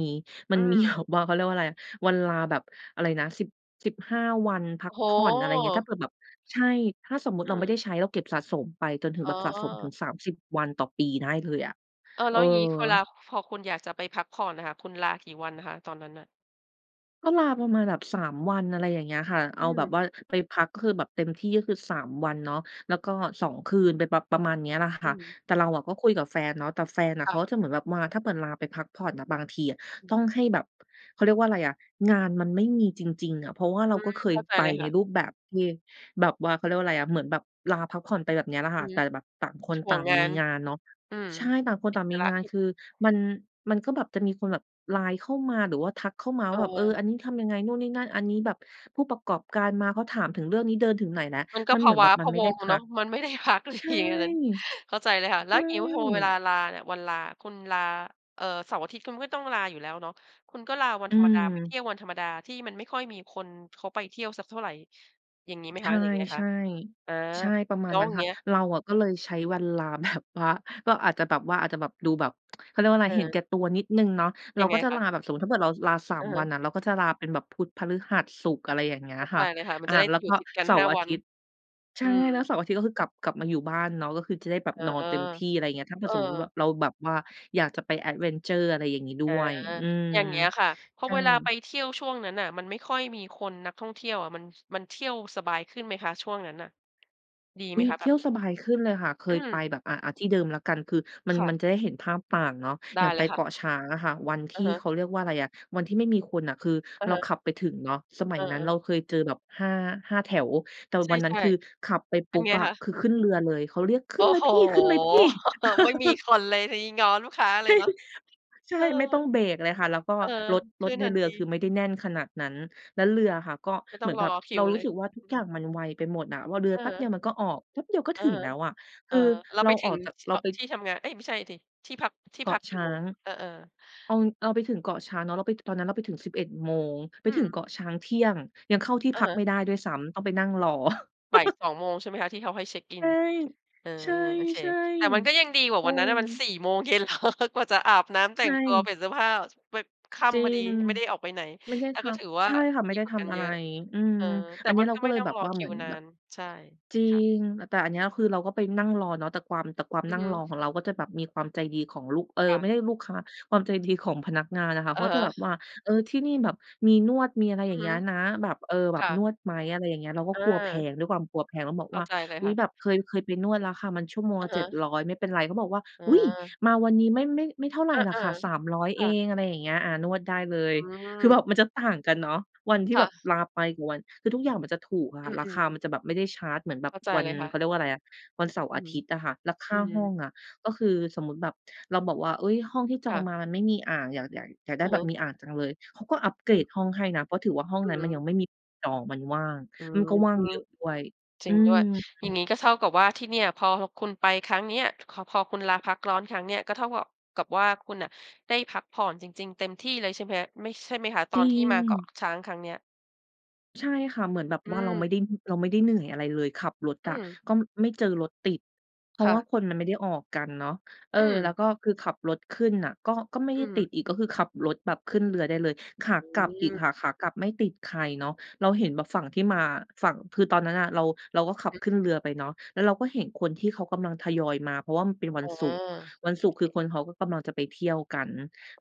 Speaker 2: มั
Speaker 1: อื
Speaker 2: น มีแบ
Speaker 1: ม
Speaker 2: บว่า เขาเรียกว่าไร วันลาแบบ อะไรนะ 10-15 วันพั
Speaker 1: โอ
Speaker 2: ก
Speaker 1: ้โ
Speaker 2: ผ่อน อะไรเงี้ย ถ้า
Speaker 1: ฮ
Speaker 2: เผื่อแบบ ใช่ ถ้าสมมุติ
Speaker 1: อ
Speaker 2: เ
Speaker 1: ื
Speaker 2: ราไม่ไ
Speaker 1: ม
Speaker 2: ด้ใช้ เราเก็บสะสมไปจนถึง
Speaker 1: อ๋
Speaker 2: แบ
Speaker 1: อ
Speaker 2: บสะสมถึง 30 วันต่อปีได้เลยอะ
Speaker 1: เออ
Speaker 2: เ
Speaker 1: แ
Speaker 2: อ
Speaker 1: ล
Speaker 2: อ
Speaker 1: ้วอย่างงี้คนลา พอคุณอยากจะไปพักผ่อนน่ะค่ะ คุณลากี่วันอะคะตอนนั้นน่ะ?
Speaker 2: ก็ลาประมาณแบบ 3 วัน อะไรอย่างเงี้ยค่ะ
Speaker 1: อ
Speaker 2: เอ
Speaker 1: ื
Speaker 2: าแบบ
Speaker 1: ม
Speaker 2: ว่าไปพัก ก็คือแบบเต็มที่ ก็คือ 3 วันเนาะ แล้วก็ 2 คืนไปประ ประมาณเนี้ยล่ะค
Speaker 1: อื
Speaker 2: ่ะ
Speaker 1: ม
Speaker 2: แต่เราก็คุยกับแฟนเนาะ แต่แฟนอะ
Speaker 1: ค
Speaker 2: เข
Speaker 1: ่
Speaker 2: า
Speaker 1: ะ
Speaker 2: ก็จะเหมือนแบบว่า ถ้าเหมือนลาไปพักผ่อนน่ะบางทีอะ
Speaker 1: อ
Speaker 2: ต
Speaker 1: ืม
Speaker 2: ้องให้แบบ เขาเรียกว่าอะไรอะ งานมันไม่มีจริง ๆ อะ เพราะว่าเร
Speaker 1: อื
Speaker 2: าก็
Speaker 1: ม
Speaker 2: เค
Speaker 1: เข
Speaker 2: ย
Speaker 1: ้าใจ
Speaker 2: ไป
Speaker 1: เลยค
Speaker 2: ใน
Speaker 1: ่ะ
Speaker 2: รูปแบบที่ แบบว่า เขาเรียกว่าไรอะ เหมือนแบบลาพักผ่อนไปแบบเนี้ยแหละ
Speaker 1: อ
Speaker 2: ค
Speaker 1: ื
Speaker 2: ่ะ
Speaker 1: อฮ
Speaker 2: แต
Speaker 1: ึ
Speaker 2: ่แบบต่างคน
Speaker 1: ห
Speaker 2: ต
Speaker 1: ่
Speaker 2: ่
Speaker 1: ว
Speaker 2: า
Speaker 1: ง
Speaker 2: ง
Speaker 1: งา
Speaker 2: มี
Speaker 1: น
Speaker 2: งานเนาะ
Speaker 1: อืม
Speaker 2: ใช่ ต่างคน
Speaker 1: ติ
Speaker 2: ต่
Speaker 1: ด
Speaker 2: าง
Speaker 1: ภ
Speaker 2: มี
Speaker 1: าร
Speaker 2: งาน
Speaker 1: กิจ
Speaker 2: คือ มัน มันก็แบบจะมีคนแบบไลน์เข้ามา หรือว่าทักเข้ามา
Speaker 1: เ
Speaker 2: ว่าแบบ เออ
Speaker 1: ออ
Speaker 2: อันนี้ทำยังไงนู่นนี่นั่น อันนี้แบบผู้ประกอบการมาเขาถามถึงเรื่องนี้เดินถึงไหนแล้ว?
Speaker 1: มันก็
Speaker 2: มัน
Speaker 1: พ
Speaker 2: เหม
Speaker 1: ะ
Speaker 2: ือน
Speaker 1: ว
Speaker 2: แ
Speaker 1: ้
Speaker 2: บ
Speaker 1: า
Speaker 2: บมั
Speaker 1: พ
Speaker 2: น
Speaker 1: ะ
Speaker 2: ไม่
Speaker 1: ว
Speaker 2: ไ
Speaker 1: ั
Speaker 2: ด้
Speaker 1: ง
Speaker 2: พ
Speaker 1: เน
Speaker 2: ั
Speaker 1: าะ
Speaker 2: ก
Speaker 1: มัน ไม่ได้พักเลย
Speaker 2: ใช่
Speaker 1: อย่างงี้ ตอนนั้น เข้าใจเลยค่ะ
Speaker 2: ใ
Speaker 1: แ
Speaker 2: ช
Speaker 1: ล้ว
Speaker 2: ่
Speaker 1: อย่างนี้พอเวลาลาเนี่ย วันลา คุณลา เอ่อ เสาร์อาทิตย์คุณก็ต้องลาอยู่แล้วเนาะ คุณก็ลาวั
Speaker 2: อ
Speaker 1: น
Speaker 2: ื
Speaker 1: ธรรมดาไปเที
Speaker 2: ม
Speaker 1: ่ยววันธรรมดา ที่มันไม่ค่อยมีคนเขาไปเที่ยวสักเท่าไรอย่างนี้ไหม
Speaker 2: ใช
Speaker 1: คะ
Speaker 2: ่
Speaker 1: หรืออย่างไรคะ? อ่า
Speaker 2: ๆ ใช่ ประม
Speaker 1: แ
Speaker 2: า
Speaker 1: ล
Speaker 2: ณ
Speaker 1: ้ว
Speaker 2: นั้
Speaker 1: อ
Speaker 2: น
Speaker 1: ย่า
Speaker 2: ค
Speaker 1: ง
Speaker 2: ่
Speaker 1: เ
Speaker 2: ะ
Speaker 1: งี้ย
Speaker 2: เราอะก็เลยใช
Speaker 1: อื
Speaker 2: ้
Speaker 1: ม
Speaker 2: วันลา แบบว่า ก็อาจจะแบบว่า อาจจะแบบ ดูแบบ เขาเรียกว่าอะไ
Speaker 1: เ
Speaker 2: ร เห็น
Speaker 1: ออ
Speaker 2: แก่ตัวนิดหนึ่งเนาะ เรา
Speaker 1: ยังไ
Speaker 2: ก
Speaker 1: ง
Speaker 2: ็จะ
Speaker 1: ค
Speaker 2: ล
Speaker 1: ะ?
Speaker 2: าแบบ สมมุติถ้าเกิดเราลา สา
Speaker 1: อ
Speaker 2: ม
Speaker 1: ะฮ
Speaker 2: วั
Speaker 1: ะ
Speaker 2: นน่ะ เราก็จะลาเป็นแบบพุธ พฤหัส ศุกร์ อะไรอย่างเงี้ย
Speaker 1: เข้า
Speaker 2: ค
Speaker 1: ใจ
Speaker 2: ่ะ
Speaker 1: เลยค่ะ มั
Speaker 2: อ
Speaker 1: น
Speaker 2: ่า
Speaker 1: จะได้
Speaker 2: แล้ว
Speaker 1: หย
Speaker 2: ก
Speaker 1: ุ
Speaker 2: ็
Speaker 1: ดติดกัน
Speaker 2: เสา
Speaker 1: ห้
Speaker 2: ร
Speaker 1: า
Speaker 2: ์อา
Speaker 1: วั
Speaker 2: ท
Speaker 1: น
Speaker 2: ิตย์ ใช
Speaker 1: อ
Speaker 2: ่
Speaker 1: ืม
Speaker 2: แล้วเสาร์อาทิตย์ก็คือกลับ กลับมาอยู่บ้านเนาะ ก็คือจะได้แบบ
Speaker 1: เออ
Speaker 2: นอนเต็มที่ อะไรเงี้ย ถ้าเผ
Speaker 1: เ
Speaker 2: ื
Speaker 1: อ
Speaker 2: ่อ
Speaker 1: อ
Speaker 2: สมมุติเราแบบว่าอยากจะไป แอดเวนเชอร์ อะไรอย่างงี้ด้
Speaker 1: อา
Speaker 2: วย อืม
Speaker 1: อย่างเงี้ยค่ะ เพรา
Speaker 2: ใช
Speaker 1: ะ
Speaker 2: ่
Speaker 1: เวลาไปเที่ยวช่วงนั้นน่ะ มันไม่ค่อยมีคน นักท่องเที่ยวอะ มัน มันเที่ยวสบายขึ้นไหมคะช่วงนั้นน่ะ ดี
Speaker 2: อ
Speaker 1: ไห
Speaker 2: ุ
Speaker 1: ม
Speaker 2: ๊ย
Speaker 1: คะแ
Speaker 2: เ
Speaker 1: บ
Speaker 2: ที่
Speaker 1: บ
Speaker 2: ยว
Speaker 1: นั้น?
Speaker 2: สบายขึ้นเลยค่ะ เค
Speaker 1: อื
Speaker 2: ยไป
Speaker 1: ม
Speaker 2: แบบ อะ อ่า ที่เดิมละกัน คือมั
Speaker 1: ค
Speaker 2: น
Speaker 1: ่
Speaker 2: มั
Speaker 1: ะ
Speaker 2: นจะได้เห็นภาพตามเนาะ
Speaker 1: ได
Speaker 2: อย
Speaker 1: ้
Speaker 2: ่าง
Speaker 1: เ
Speaker 2: ไ
Speaker 1: ล
Speaker 2: ป
Speaker 1: ยค
Speaker 2: เก
Speaker 1: ่ะ
Speaker 2: าะช้างอะค่ะ วันท
Speaker 1: อ
Speaker 2: ี
Speaker 1: ะ
Speaker 2: ่
Speaker 1: ฮ
Speaker 2: เ
Speaker 1: ะ
Speaker 2: ขาเรียกว่าอะไรอะ วันที่ไม่มีคนน่ะ คือ
Speaker 1: อะ
Speaker 2: เรา
Speaker 1: ฮะ
Speaker 2: ขับไปถึงเนาะ สมั
Speaker 1: เ
Speaker 2: ย
Speaker 1: อ
Speaker 2: นั้นเรา
Speaker 1: อ ๆ
Speaker 2: เคยเจอแบบ 5- 5 แถว แต่
Speaker 1: ใช
Speaker 2: ว
Speaker 1: ่
Speaker 2: ันนั้นคือขับไป
Speaker 1: ๆ เ
Speaker 2: ป
Speaker 1: ป็
Speaker 2: ุ
Speaker 1: น
Speaker 2: ๊บ
Speaker 1: ไง
Speaker 2: อะ
Speaker 1: คะ?
Speaker 2: คือขึ้นเรือเลย เขาเรียกข
Speaker 1: โ
Speaker 2: ึ
Speaker 1: อ
Speaker 2: ้
Speaker 1: ้
Speaker 2: นเล
Speaker 1: โ
Speaker 2: ย
Speaker 1: ฮ
Speaker 2: พี่ ขึ้นเลยพี่
Speaker 1: ไม่มีคนเลย ทีนี้ง้อลูกค้าเลยเนาะ
Speaker 2: จริง ใช
Speaker 1: เอ
Speaker 2: ่
Speaker 1: อ
Speaker 2: ไม่ต้องเบรกเลยค่ะ แล้วก็
Speaker 1: เออ
Speaker 2: รถ
Speaker 1: ข
Speaker 2: ร
Speaker 1: ึ้
Speaker 2: ถ
Speaker 1: น
Speaker 2: ใน
Speaker 1: ทั
Speaker 2: เ
Speaker 1: น
Speaker 2: รื
Speaker 1: ท
Speaker 2: อ
Speaker 1: ี
Speaker 2: คือไม่ได้แน่นขนาดนั้น แล้วเรืออะค่ะก็
Speaker 1: ไม่
Speaker 2: เ
Speaker 1: ต
Speaker 2: ห
Speaker 1: ้
Speaker 2: มื
Speaker 1: อ
Speaker 2: อ
Speaker 1: ง
Speaker 2: น
Speaker 1: ร
Speaker 2: แบบ
Speaker 1: อค
Speaker 2: เ
Speaker 1: ิ
Speaker 2: รา
Speaker 1: ว
Speaker 2: รู
Speaker 1: เล
Speaker 2: ้
Speaker 1: ย
Speaker 2: สึกว่าทุ
Speaker 1: อ
Speaker 2: ก
Speaker 1: ือ
Speaker 2: อย
Speaker 1: ฮ
Speaker 2: ่า
Speaker 1: ึ
Speaker 2: งมันไวไปหมดอะว่า เรือ
Speaker 1: อ
Speaker 2: แ
Speaker 1: ะ
Speaker 2: ป๊
Speaker 1: ฮ
Speaker 2: บเดียว
Speaker 1: ะ
Speaker 2: มันก็ออก แป๊บเดียวก็
Speaker 1: อ
Speaker 2: ถ
Speaker 1: ะ
Speaker 2: ึง
Speaker 1: ฮะ
Speaker 2: แล้วอะ
Speaker 1: เ
Speaker 2: ค
Speaker 1: ออ
Speaker 2: ือ
Speaker 1: เรา
Speaker 2: เร
Speaker 1: ไ
Speaker 2: า
Speaker 1: ปถ
Speaker 2: อ
Speaker 1: ึ
Speaker 2: อ
Speaker 1: ง
Speaker 2: กจาก
Speaker 1: ที่
Speaker 2: เรา
Speaker 1: อ
Speaker 2: ไป
Speaker 1: ที่ทำงาน เอ้ย ไม่ใช่สิ ที่พัก ที่
Speaker 2: เก
Speaker 1: พ
Speaker 2: า
Speaker 1: ั
Speaker 2: ะ
Speaker 1: กก
Speaker 2: ช
Speaker 1: ี่
Speaker 2: ้
Speaker 1: โ
Speaker 2: า
Speaker 1: มง?
Speaker 2: ง
Speaker 1: เออ ๆ
Speaker 2: เอา เอาไปถึงเกาะช้างเนาะ เราไปถึง ตอนนั้นเราไปถึง 11 โมง ไป
Speaker 1: อ
Speaker 2: ถ
Speaker 1: ื
Speaker 2: ึง
Speaker 1: ม
Speaker 2: เกาะช้างเที่ยง ยังเข้าที่
Speaker 1: อะ
Speaker 2: พั
Speaker 1: ฮ
Speaker 2: กไม
Speaker 1: ะ
Speaker 2: ่ได้ด้วยซ้ำต้องไปนั่งรอ
Speaker 1: บ่าย 2 โมงใช่ไหมคะ ที่เขาให้เช็กอิ
Speaker 2: ใช
Speaker 1: น?
Speaker 2: ่
Speaker 1: เออ โอเค
Speaker 2: ใช่
Speaker 1: แต่มันก็ยังดีกว
Speaker 2: ๆ
Speaker 1: ่
Speaker 2: เ
Speaker 1: า
Speaker 2: อ
Speaker 1: วันนั้นน่ะมัน
Speaker 2: อ
Speaker 1: 4 โมงเย็น เหรอ กว่าจะอาบน้ำแ
Speaker 2: ใ
Speaker 1: ต
Speaker 2: ช
Speaker 1: ่งตัวเ
Speaker 2: ่
Speaker 1: ปลี่ยนเสื้อผ้าไป ค่
Speaker 2: จริ
Speaker 1: ำพอดี
Speaker 2: ง
Speaker 1: ไม่ได้ออกไปไหน
Speaker 2: ไม่ได้
Speaker 1: แล้
Speaker 2: ท
Speaker 1: วก็ถือว
Speaker 2: ำ
Speaker 1: ่
Speaker 2: ใช
Speaker 1: า
Speaker 2: ่ค่ะ ไม
Speaker 1: ด
Speaker 2: ่
Speaker 1: ี
Speaker 2: ได้
Speaker 1: กว่
Speaker 2: ท
Speaker 1: ากัน
Speaker 2: ำอะ
Speaker 1: เ
Speaker 2: ไ
Speaker 1: ยอ
Speaker 2: ร
Speaker 1: ะ
Speaker 2: อืม
Speaker 1: เออ แต่
Speaker 2: อันเนี
Speaker 1: ม
Speaker 2: ้
Speaker 1: ั
Speaker 2: ย
Speaker 1: น
Speaker 2: เรา
Speaker 1: ก็
Speaker 2: ก
Speaker 1: ไ
Speaker 2: ็
Speaker 1: ม่
Speaker 2: เลย
Speaker 1: ต้อ
Speaker 2: แ
Speaker 1: ง
Speaker 2: บบ
Speaker 1: รอ
Speaker 2: ว่า
Speaker 1: ค
Speaker 2: เห
Speaker 1: ิ
Speaker 2: มื
Speaker 1: ว
Speaker 2: อน
Speaker 1: นา
Speaker 2: แบบ
Speaker 1: น ใช่
Speaker 2: จริ
Speaker 1: ค่ะ
Speaker 2: ง แต่อันเนี้ยคือเราก็ไปนั่งรอเนาะ แต่ความ แต่ความ
Speaker 1: อื
Speaker 2: น
Speaker 1: อ
Speaker 2: ั่
Speaker 1: ฮ
Speaker 2: ง
Speaker 1: ึ
Speaker 2: รอของเรา ก็จะแบบมีความใจดีของลูก เออ
Speaker 1: ค่
Speaker 2: ไ
Speaker 1: ะ
Speaker 2: ม่ใด้ลูกค้า ความใจดีของพนักงานอะค่ะ
Speaker 1: อ
Speaker 2: เข
Speaker 1: ะ
Speaker 2: า
Speaker 1: ฮ
Speaker 2: จะแ
Speaker 1: ะ
Speaker 2: บบว่า เออ ที่นี่แบบมีนวด มีอะไรอ
Speaker 1: อ
Speaker 2: ย
Speaker 1: ื
Speaker 2: ่
Speaker 1: อ
Speaker 2: างเ
Speaker 1: ฮ
Speaker 2: งี
Speaker 1: ึ
Speaker 2: ้ยนะ แบบ เออ แบ
Speaker 1: ค
Speaker 2: บ
Speaker 1: ่
Speaker 2: น
Speaker 1: ะ
Speaker 2: วดไหม อะไรอย่างเงี้ย เราก็
Speaker 1: เออ
Speaker 2: กลัวแพง ด้วยความกลัวแพงแล้วบอก
Speaker 1: เข้
Speaker 2: ว
Speaker 1: า
Speaker 2: ่า
Speaker 1: ใจเลย
Speaker 2: อุ
Speaker 1: ค
Speaker 2: ๊
Speaker 1: ่
Speaker 2: ย
Speaker 1: ะ
Speaker 2: แบบเคย เคยไปนวดแล้วค่ะ มันชั่วโมง
Speaker 1: อ
Speaker 2: ล
Speaker 1: ะ
Speaker 2: ะ
Speaker 1: ฮ
Speaker 2: เจ็ด
Speaker 1: ะ
Speaker 2: ร้อย ไม่เป็นไร เขาบอกว่า
Speaker 1: อ
Speaker 2: อุ๊ย
Speaker 1: า
Speaker 2: มาวันนี้ไม่ ไม่ ไม่เท่าไร
Speaker 1: อา
Speaker 2: ล่ะค่ะ 300
Speaker 1: ๆ ค
Speaker 2: เอ
Speaker 1: ่ะ
Speaker 2: ง อะไรอย่างเงี้ย อ่า นวดได้เลย
Speaker 1: อื
Speaker 2: คือ
Speaker 1: ม
Speaker 2: แบบมันจะต่างกันเนาะ วันที่
Speaker 1: ค
Speaker 2: แ
Speaker 1: ่
Speaker 2: บบ
Speaker 1: ะ
Speaker 2: ลาไปกับวัน คือทุกอย่างมันจะถูกอะค
Speaker 1: อ
Speaker 2: ่ะ รา
Speaker 1: ื
Speaker 2: คา
Speaker 1: อ
Speaker 2: ม
Speaker 1: ๆ
Speaker 2: ันจะแบบไม่ได้ชาร์จ เหมือนแบ
Speaker 1: เ
Speaker 2: บ
Speaker 1: ข้าใจ
Speaker 2: วัน
Speaker 1: เลยค่
Speaker 2: เ
Speaker 1: ะ
Speaker 2: ขาเรียกว่าอะไรอะ วันเสาร์
Speaker 1: อ
Speaker 2: อ
Speaker 1: ื
Speaker 2: า
Speaker 1: ม
Speaker 2: ทิตย์อะค่ะ แล้วค
Speaker 1: อ
Speaker 2: ่
Speaker 1: ื
Speaker 2: าห้อ
Speaker 1: ม
Speaker 2: งอะ ก็คือสมมุติแบบ เราบอกว่า เอ๊ย ห้องที่จ
Speaker 1: ค
Speaker 2: อ
Speaker 1: ่
Speaker 2: ง
Speaker 1: ะ
Speaker 2: มามันไม่มีอ่าง อยาก อยาก อยากได้
Speaker 1: อะ
Speaker 2: แบ
Speaker 1: ฮ
Speaker 2: บ
Speaker 1: ะ
Speaker 2: มีอ่างจังเลย เขาก็อัพเก
Speaker 1: อ
Speaker 2: ร
Speaker 1: ื
Speaker 2: ด
Speaker 1: ม
Speaker 2: ห้องให้นะ เพราะถือว่าห้อง
Speaker 1: อื
Speaker 2: นั
Speaker 1: อ
Speaker 2: ้น
Speaker 1: ฮ
Speaker 2: มันยัง
Speaker 1: ึ
Speaker 2: ไม่มี จองมันว่าง
Speaker 1: อื
Speaker 2: มัน
Speaker 1: ม
Speaker 2: ก็ว่างเยอะด้วย
Speaker 1: จร
Speaker 2: อื
Speaker 1: ิงด้ว
Speaker 2: ม
Speaker 1: ยอย่า
Speaker 2: ๆ
Speaker 1: งงี้ก็เท่ากับว่า ที่เนี่ยพอคุณไปครั้งเนี้ย ค พอคุณลาพักร้อนครั้งเนี้ยก็เท่ากับว่า กับว่าคุณน่ะได้พักผ่อนจริง ๆ เต็มที่เลยใช่ไหม ไม่ ใช่ไหมคะ ต
Speaker 2: จ
Speaker 1: อ
Speaker 2: ริ
Speaker 1: นที่มาเกา
Speaker 2: ง
Speaker 1: ะช้างครั้งเนี้ย?
Speaker 2: ใช่ค่ะ เหมือนแบบ
Speaker 1: อื
Speaker 2: ว่าเราไ
Speaker 1: ม
Speaker 2: ม่ได้ เราไม่ได้เหนื่อยอะไรเลย ขับรถ
Speaker 1: อ
Speaker 2: อ
Speaker 1: ื
Speaker 2: ะ
Speaker 1: ม
Speaker 2: ก็ไม่เจอรถติด เพรา
Speaker 1: ค
Speaker 2: ะ
Speaker 1: ่
Speaker 2: ว่า
Speaker 1: ะ
Speaker 2: คนมันไม่ได้ออกกันเนาะ เออ
Speaker 1: อ
Speaker 2: แล้ว
Speaker 1: ืม
Speaker 2: ก็คือขับรถขึ้นน่ะ ก็ ก็ไม่ไ
Speaker 1: อ
Speaker 2: ด้
Speaker 1: ือฮ
Speaker 2: ต
Speaker 1: ึ
Speaker 2: ิดอีก ก็คือขับรถแบบขึ้นเรือได้เลย ขา
Speaker 1: อื
Speaker 2: กลับอีก
Speaker 1: ม
Speaker 2: ค่ะ ขากลับไม่ติดใครเนาะ เราเ
Speaker 1: อ
Speaker 2: ห
Speaker 1: ื
Speaker 2: ็
Speaker 1: ม
Speaker 2: นแบบฝั่งที่มา ฝั่ง คือตอนนั้นอะ เรา เราก็
Speaker 1: อื
Speaker 2: ข
Speaker 1: อ
Speaker 2: ั
Speaker 1: ฮ
Speaker 2: บ
Speaker 1: ึ
Speaker 2: ขึ้นเรือไปเนาะ แล้วเราก็เห็นคนที่เขากำลังทยอยมา เพราะว่ามันเป็นวั
Speaker 1: อ
Speaker 2: น
Speaker 1: า
Speaker 2: ศุกร์
Speaker 1: โ
Speaker 2: วันศ
Speaker 1: อ
Speaker 2: ุกร
Speaker 1: เ
Speaker 2: ์
Speaker 1: ค
Speaker 2: คือคนเขาก็กำลังจะไปเที่ยวกัน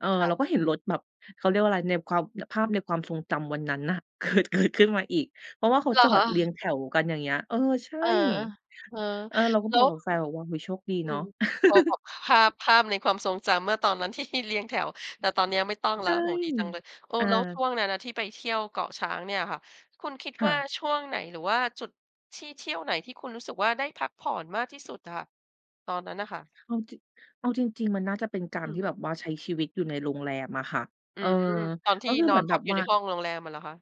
Speaker 2: เออ
Speaker 1: ค่
Speaker 2: เรา
Speaker 1: ะ
Speaker 2: ก็เห็นรถแบบ เขาเรียกว่าอะไร ในความ ภาพในความทรงจำวันนั้นน่ะ เกิด เกิด ขึ้นมาอีก เพราะว่าเขา
Speaker 1: เหร
Speaker 2: จ
Speaker 1: อ
Speaker 2: อ
Speaker 1: ค
Speaker 2: ดเรี
Speaker 1: ะ?
Speaker 2: ยงแถวกัน อย่างเงี้ย เออ ใช่
Speaker 1: เออ เออ
Speaker 2: เออ เราก็
Speaker 1: แล
Speaker 2: บ
Speaker 1: ้
Speaker 2: อ
Speaker 1: ว
Speaker 2: กกับแฟนแบบ โอ้โฮ โชคดี
Speaker 1: อื
Speaker 2: เนาะ
Speaker 1: ม พ พ ภาพ ภาพในความทรงจำเมื่อตอนนั้น ที่ เรียงแถว แต่ตอนนี้ไม่ต้อง
Speaker 2: ใช
Speaker 1: แล้ว
Speaker 2: ่
Speaker 1: โอ้โฮ ดีจังเลย เออ
Speaker 2: อ
Speaker 1: แล้วช
Speaker 2: า
Speaker 1: ่วงนั้นน่ะที่ไปเที่ยวเกาะช้างเนี่ยค่ะ คุณคิด
Speaker 2: ค่
Speaker 1: ว่า
Speaker 2: ะ
Speaker 1: ช่วงไหน หรือว่าจุดที่เที่ยวไหนที่คุณรู้สึกว่า ได้พักผ่อนมากที่สุดอะค่ะ? ตอนนั้นน่ะค่ะ?
Speaker 2: เอาจริง เอาจริง ๆ มันน่าจะเป็นกา
Speaker 1: อ
Speaker 2: ร
Speaker 1: ื
Speaker 2: ท
Speaker 1: ม
Speaker 2: ี่แบบว่าใช้ชีวิตอยู่ในโรงแรมอะค่ะ
Speaker 1: อ
Speaker 2: เ
Speaker 1: ื
Speaker 2: ออ
Speaker 1: ม ตอนท
Speaker 2: ก
Speaker 1: ี
Speaker 2: ็
Speaker 1: ่
Speaker 2: คือ
Speaker 1: น
Speaker 2: เห
Speaker 1: อ
Speaker 2: มือ
Speaker 1: น
Speaker 2: น
Speaker 1: พ
Speaker 2: แบ
Speaker 1: ัก
Speaker 2: บ
Speaker 1: อยู
Speaker 2: ว
Speaker 1: ่
Speaker 2: ่า
Speaker 1: ในห้องโรงแรมอะเหรอคะ?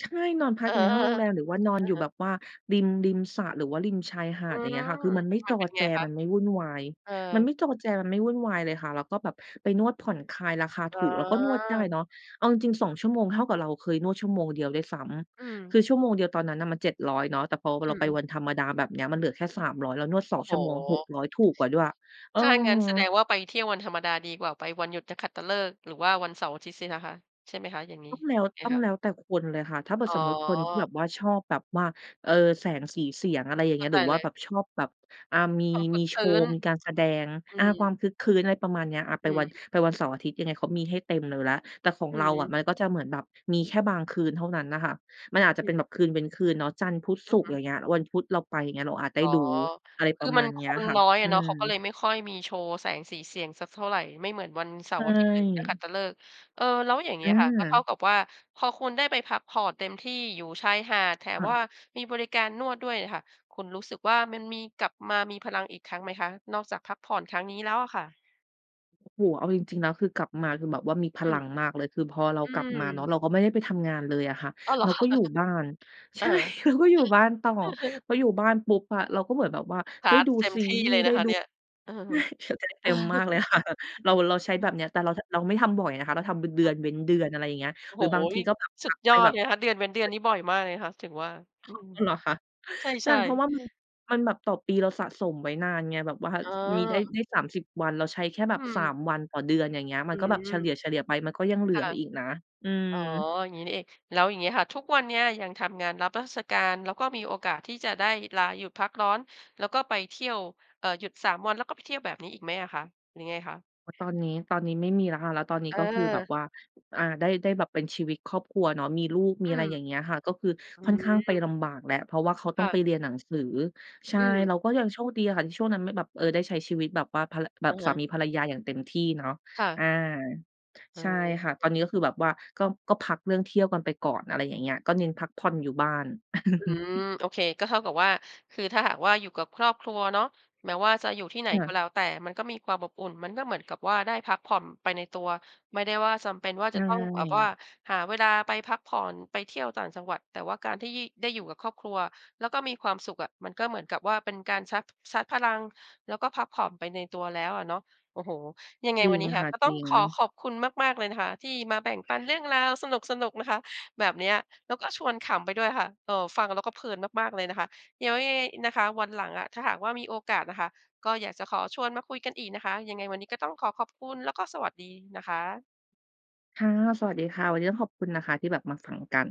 Speaker 2: ใช่ นอนพั
Speaker 1: เ
Speaker 2: ก
Speaker 1: ออ
Speaker 2: อยู่ในห้องโรงแรม หรือว่านอน
Speaker 1: อะ
Speaker 2: อยู่
Speaker 1: ฮ
Speaker 2: แบ
Speaker 1: ะ
Speaker 2: บว่า ริม ริมสระหรือว่าริมชายหา
Speaker 1: อื
Speaker 2: ด อย่างเ
Speaker 1: ม
Speaker 2: งี้ยค่ะ คือมันไม่
Speaker 1: ม
Speaker 2: จ
Speaker 1: ัน
Speaker 2: อ
Speaker 1: เป็น
Speaker 2: แจ
Speaker 1: ไงคะ?
Speaker 2: มันไม่วุ่นวาย
Speaker 1: เออ
Speaker 2: มันไม่จอแจ มันไม่วุ่นวายเลยค่ะ แล้วก็แบบไปนวดผ่อนคลายราคา
Speaker 1: อ
Speaker 2: ถ
Speaker 1: ๋
Speaker 2: ูก เราก็นวดได้
Speaker 1: อ
Speaker 2: เนาะ เอาจริง ๆ 2
Speaker 1: อื
Speaker 2: ชั่
Speaker 1: ม
Speaker 2: วโมงเท่ากับเราเคยนวดชั่วโมงเดียวด้วยซ้
Speaker 1: อื
Speaker 2: ำ ค
Speaker 1: ม
Speaker 2: ือชั่วโมงเดียวตอนนั้นน่ะมัน 700เนาะ แต่พอ
Speaker 1: อ
Speaker 2: เ
Speaker 1: ื
Speaker 2: ราไป
Speaker 1: ม
Speaker 2: วันธรรมดาแบบนี้มันเหลือแค่ 300 แล้วนวด ส
Speaker 1: โ
Speaker 2: อ
Speaker 1: อ
Speaker 2: ง
Speaker 1: ้โ
Speaker 2: ชั่วโมง หก
Speaker 1: ฮ!
Speaker 2: ร้อย ถูกกว่าด้วย เออ
Speaker 1: ถ้างั้นแสดงว่า ไปเที่ยววันธรรมดาดีกว่า ไปวันหยุดจะขัตฤกษ์ หรือว่าวันเสาร์อาทิตย์สินะคะ? ใช่ไหมคะ อย่างนี้
Speaker 2: ต้องแล้ว
Speaker 1: ยังไง
Speaker 2: ต้อ
Speaker 1: ค
Speaker 2: งแล
Speaker 1: ะ?
Speaker 2: ้วแต่คนเลยค่ะ ถ้าเกิด
Speaker 1: อ๋
Speaker 2: สม
Speaker 1: อ
Speaker 2: มุติคนที่แบบว่าชอบแบบว่า เออ แสงสีเสียง อะไรอย่าง
Speaker 1: เ
Speaker 2: เ
Speaker 1: ข
Speaker 2: ง
Speaker 1: ้
Speaker 2: ี
Speaker 1: า
Speaker 2: ้ย
Speaker 1: ใ
Speaker 2: ห
Speaker 1: จ
Speaker 2: รือว
Speaker 1: เ
Speaker 2: ่า
Speaker 1: ล
Speaker 2: แ
Speaker 1: ย
Speaker 2: บบชอบแบบ อ่า มี
Speaker 1: ความคร
Speaker 2: ม
Speaker 1: ึ
Speaker 2: ี
Speaker 1: ก
Speaker 2: โ
Speaker 1: ค
Speaker 2: ช
Speaker 1: รื้
Speaker 2: ว์
Speaker 1: น
Speaker 2: มีการแสดง
Speaker 1: อื
Speaker 2: อ่า ควา
Speaker 1: ม
Speaker 2: มครึกครื้น อะไรประมาณนี้ อา ไป
Speaker 1: อื
Speaker 2: ว
Speaker 1: อ
Speaker 2: ัน
Speaker 1: ฮึ
Speaker 2: ไปวันเสาร์อาทิตย์ ยังไงเขามีให้เต็มเลยแล้ว แต่ของ
Speaker 1: อื
Speaker 2: เราอะ
Speaker 1: ม
Speaker 2: มันก็จะเหมือนแบบมีแค่บางคืนเท่านั้นน่ะค่ะ มันอาจจะ
Speaker 1: อ
Speaker 2: เป็
Speaker 1: ื
Speaker 2: น
Speaker 1: ม
Speaker 2: แบบคืนเว้นคืนเนาะ จันทร์ พุธ
Speaker 1: อ
Speaker 2: ศุ
Speaker 1: ะ
Speaker 2: กร
Speaker 1: ฮ
Speaker 2: ์ อย
Speaker 1: ะ
Speaker 2: ่างเงี้ย วันพุธเราไป อย่างเงี้ย เราอาจได
Speaker 1: อ
Speaker 2: ้
Speaker 1: ๋อ
Speaker 2: ดู อะไร
Speaker 1: ค
Speaker 2: ปร
Speaker 1: ือ
Speaker 2: ะม
Speaker 1: ม
Speaker 2: า
Speaker 1: ัน
Speaker 2: ณเน
Speaker 1: ค
Speaker 2: ี้ย
Speaker 1: น
Speaker 2: ค่ะ
Speaker 1: น้อย
Speaker 2: อ
Speaker 1: อ
Speaker 2: ื
Speaker 1: ะเนาะ เขาก็เล
Speaker 2: ม
Speaker 1: ยไม่ค่อยมีโชว์แสงสีเสียงสักเท่าไร ไม่เหมือนวันเส
Speaker 2: ใ
Speaker 1: า
Speaker 2: ช
Speaker 1: ร์อาทิตย์หรือนักขั
Speaker 2: ่
Speaker 1: ตฤกษ์ เออ แล้วอย่างเ
Speaker 2: อ
Speaker 1: ง
Speaker 2: ื
Speaker 1: ี้ยค่ะ ก็เท่า
Speaker 2: ม
Speaker 1: กับว่าพอคุณได้ไปพักผ่อนเต็มที่อยู่ชายหาด แถ
Speaker 2: ค
Speaker 1: ม
Speaker 2: ่
Speaker 1: ว
Speaker 2: ะ
Speaker 1: ่า มีบริการนวดด้วยค่ะ คุณรู้สึกว่ามันมี กลับมามีพลังอีกครั้งไหมคะ นอกจากพักผ่อนครั้งนี้แล้วอะค่ะ?
Speaker 2: โอ้โฮ เอาจริง ๆ แล้วคือกลับมาคือแบบว่ามีพ
Speaker 1: อื
Speaker 2: ลั
Speaker 1: ม
Speaker 2: งมากเลย คือพอเรา
Speaker 1: อื
Speaker 2: กลับมาเนาะ
Speaker 1: ม
Speaker 2: เราก็ไม่ได้ไปทำงานเลยอะค่ะ
Speaker 1: อ้าว เห
Speaker 2: เ
Speaker 1: ร
Speaker 2: ร
Speaker 1: อ
Speaker 2: าก็อยู่บ้าน
Speaker 1: เ
Speaker 2: ใ
Speaker 1: อ
Speaker 2: ช
Speaker 1: อ
Speaker 2: ่ เราก็อยู่บ้านต่อ พออยู่บ้านปุ๊บอะเราก็เหมือนแบบว่า
Speaker 1: ช
Speaker 2: ได้
Speaker 1: าร์จ
Speaker 2: ดู
Speaker 1: เต็ม
Speaker 2: ซี
Speaker 1: ที่
Speaker 2: รีส
Speaker 1: เล
Speaker 2: ์
Speaker 1: ย
Speaker 2: ไ
Speaker 1: น
Speaker 2: ด้
Speaker 1: ะคะ
Speaker 2: ดู
Speaker 1: เนี่ย เอ
Speaker 2: ใ
Speaker 1: อ
Speaker 2: ช่ ช ได้เต็มมากเลย ค่ะ เรา เราใช้
Speaker 1: อ
Speaker 2: แ
Speaker 1: ื
Speaker 2: บ
Speaker 1: ม
Speaker 2: บเนี้ย แต่เรา จ เราไม่ทำบ่อยนะคะ เราทำเป็นเด
Speaker 1: อ
Speaker 2: ื
Speaker 1: ื
Speaker 2: อ
Speaker 1: ม
Speaker 2: นเว้นเดือน อะไรอย่างเงี้ย
Speaker 1: โอ้
Speaker 2: หร
Speaker 1: โ
Speaker 2: ื
Speaker 1: ฮ
Speaker 2: อบางท
Speaker 1: น
Speaker 2: ี
Speaker 1: ี่
Speaker 2: ก็พ
Speaker 1: สุ
Speaker 2: ั
Speaker 1: ด
Speaker 2: ก ๆ
Speaker 1: ย
Speaker 2: ไป
Speaker 1: อด
Speaker 2: แบ
Speaker 1: เ
Speaker 2: บ
Speaker 1: ลยคะ เดือนเว้นเดือนนี้บ่อยมากเลยนะคะ ถึงว่า อื
Speaker 2: อ๋อ
Speaker 1: ม
Speaker 2: อ เหรอคะ
Speaker 1: ใ
Speaker 2: ใช
Speaker 1: ช
Speaker 2: ่
Speaker 1: ่
Speaker 2: เพรา
Speaker 1: ๆ
Speaker 2: ะว่ามัน มันแบบต่อปีเราสะสมไว้นานไง แบบว่า
Speaker 1: อ๋
Speaker 2: ช
Speaker 1: อ
Speaker 2: มีได้ ได้ 30 วัน เราใช้แค่แบ
Speaker 1: อ
Speaker 2: บ
Speaker 1: ื
Speaker 2: สา
Speaker 1: ม
Speaker 2: ม วันต่อเดือน อย่างเงี้ย ม
Speaker 1: อ
Speaker 2: ั
Speaker 1: ื
Speaker 2: นก็แบบเฉ
Speaker 1: ม
Speaker 2: ลี่ย ๆ ไป มันก็ยังเหลื
Speaker 1: ค่
Speaker 2: อ
Speaker 1: ะ
Speaker 2: อีกนะ อืม
Speaker 1: อ๋อ อย่างงี้นี่เอง แล้วอย่างเงี้ยค่ะทุกวันเนี้ยยังทำงานรับราชการ แล้วก็มีโอกาสที่จะได้ลาหยุดพักร้อน แล้วก็ไปเที่ยว เอ่อ หยุด 3 วันแล้วก็ไปเที่ยวแบบนี้อีกไหมอะคะ? หรือไงคะ?
Speaker 2: ต ตอนนี้ ตอนนี้ไม่มีแล้วค่ะ แล้วตอนนี้ก็คือแบบ
Speaker 1: เออ
Speaker 2: ว่า อ่า ได้ ได้แบบเป็นชีวิตครอบครัวเนาะ มีลูก มี
Speaker 1: อื
Speaker 2: อะไร
Speaker 1: ม
Speaker 2: อย่างเงี้ยค่ะ ก็คือ
Speaker 1: อื
Speaker 2: ค่อนข้างไป
Speaker 1: ม
Speaker 2: ลำบากแหละ เพราะว่าเขาต
Speaker 1: ค
Speaker 2: ้อง
Speaker 1: ่
Speaker 2: ไป
Speaker 1: ะ
Speaker 2: เรียนหนังสือ ใช่
Speaker 1: อืม
Speaker 2: เราก็ยังโชคดีอะค่ะที่ช่วงนั้นไม่แบบ เออ ได้ใช้ชีวิตแบบว่าพัน ล แบ
Speaker 1: อ
Speaker 2: บ
Speaker 1: ะ
Speaker 2: ส
Speaker 1: ฮ
Speaker 2: า
Speaker 1: ะ
Speaker 2: มีภรรยาอย่างเต็มที่เนาะ
Speaker 1: ค่ะ
Speaker 2: อา
Speaker 1: อ๋
Speaker 2: ใช่ค่ะ ต
Speaker 1: อ
Speaker 2: อนนี้ก็คือแบบว่า ก็ ก็พักเรื่องเที่ยวกันไปก่อน อะไรอย่างเงี้ย ก็เน้นพักผ่อนอยู่บ้าน
Speaker 1: อืม โอเค ก็เท่ากับว่า คือถ้าหากว่าอยู่กับครอบครัวเนาะ แม้ว่าจะอยู่ที่ไหน
Speaker 2: ค่
Speaker 1: ก็
Speaker 2: ะ
Speaker 1: แล้วแต่มันก็มีความอบอุ่น มันก็เหมือนกับว่าได้พักผ่อนไปในตัว ไม่ได้ว่าจำเป็นว่า
Speaker 2: ใช
Speaker 1: จะต้องแบบว่า
Speaker 2: ่
Speaker 1: หาเวลาไปพักผ่อน ไปเที่ยวต่างจังหวัด แต่ว่าการที่ ยี่ ได้อยู่กับครอบครัว แล้วก็มีความสุขอะ มันก็เหมือนกับว่าเป็นการชาร์จ ชาร์จพลัง แล้วก็พักผ่อน ไปในตัวแล้วอะเนาะ โอ้โฮ ยังไง
Speaker 2: จริ
Speaker 1: วัน
Speaker 2: ง
Speaker 1: นี้ค
Speaker 2: ค
Speaker 1: ่ะ
Speaker 2: ่ะ
Speaker 1: ก็
Speaker 2: จ
Speaker 1: ต้อ
Speaker 2: ร
Speaker 1: ง
Speaker 2: ิ
Speaker 1: ขอ
Speaker 2: ง
Speaker 1: ขอบคุณมาก ๆ เลยนะคะที่มาแบ่ง ปันเรื่องราวสนุก ๆ นะคะ แบบเนี้ย แล้วก็ชวนขำไปด้วยค่ะ เอ่อ ฟังแล้วก็เพลินมาก ๆ เลยนะคะ เดี๋ยวยังไงนะคะวันหลังอะ ถ้าหากว่ามีโอกาสน่ะค่ะก็อยากจะขอชวนมาคุยกันอีกนะคะ ยังไงวันนี้ก็ต้องขอขอบคุณ แล้วก็สวัสดีนะคะ
Speaker 2: ค่ะ สวัสดีค่ะ วันนี้ต้องขอบคุณนะคะ ที่แบบมาฟังกัน